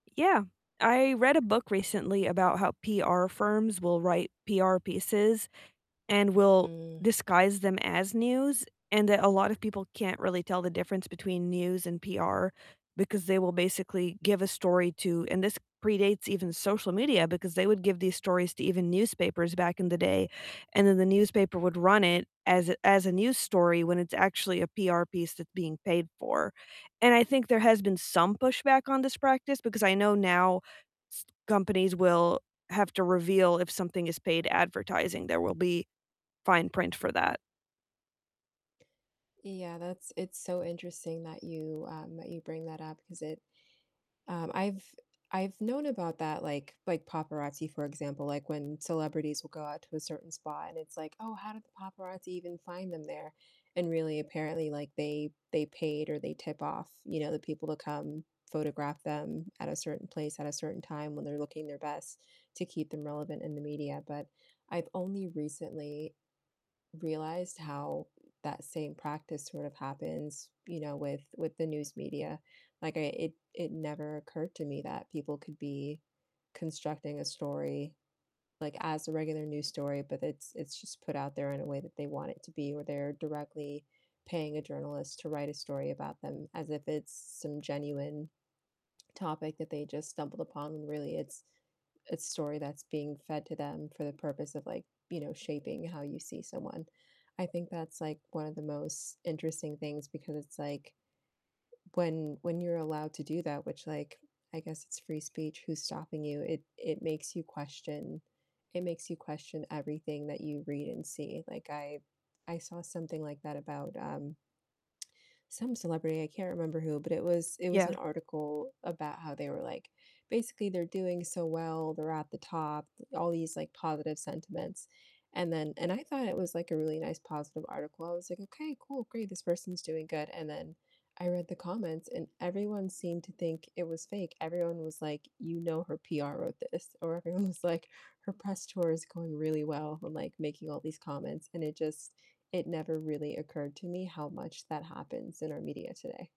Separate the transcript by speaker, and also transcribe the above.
Speaker 1: Yeah. I read a book recently about how PR firms will write PR pieces and will
Speaker 2: Mm.
Speaker 1: disguise them as news, and that a lot of people can't really tell the difference between news and PR because they will basically give a story to and this predates even social media because they would give these stories to even newspapers back in the day, and then the newspaper would run it as a as a news story when it's actually a PR piece that's being paid for. And I think there has been some pushback on this practice because I know now s companies will have to reveal if something is paid advertising, there will be fine print for that.
Speaker 2: Yeah, that's it's so interesting that you, um, that you bring that up because it, um, I've I've known about that, like like paparazzi, for example, like, when celebrities will go out to a certain spot and it's, like, "Oh, how did the paparazzi even find them there?" And really apparently, like, they they paid or they tip off, you know, the people to come photograph them at a certain place at a certain time when they're looking their best to keep them relevant in the media, but, I've only recently realized how that same practice sorta happens, you know, with with the news media. Like, I it it never occurred to me that people could be constructing a story, like, as a regular news story, but, it's it's just put out there in a way that they want it to be, or they're directly paying a journalist to write a story about them as if it's some genuine topic that they just stumbled upon when really it's a story that's being fed to them for the purpose of, like, you know, shaping how you see someone. I think that's, like, one of the most interesting things because it's, like, when when you're allowed to do that which, like, I guess it's free speech, who's stopping you? It it makes you question it makes you question everything that you read and see. Like, I I saw something like that about, um some celebrity, I can't remember who, but, it was it was an
Speaker 1: Yeah.
Speaker 2: article about how they were, like, basically they're doing so well, they're at the top all these, like, positive sentiments, and then and I thought it was, like, a really nice positive article. I was, like, "Okay, cool, great, this person's doing good." And then I read the comments and everyone seemed to think it was fake. Everyone was, like, "You know her PR wrote this." Or, everyone was, like, "Her press tour is going really well," and, like, making all these comments, and it just it never really occurred to me how much that happens in our media today.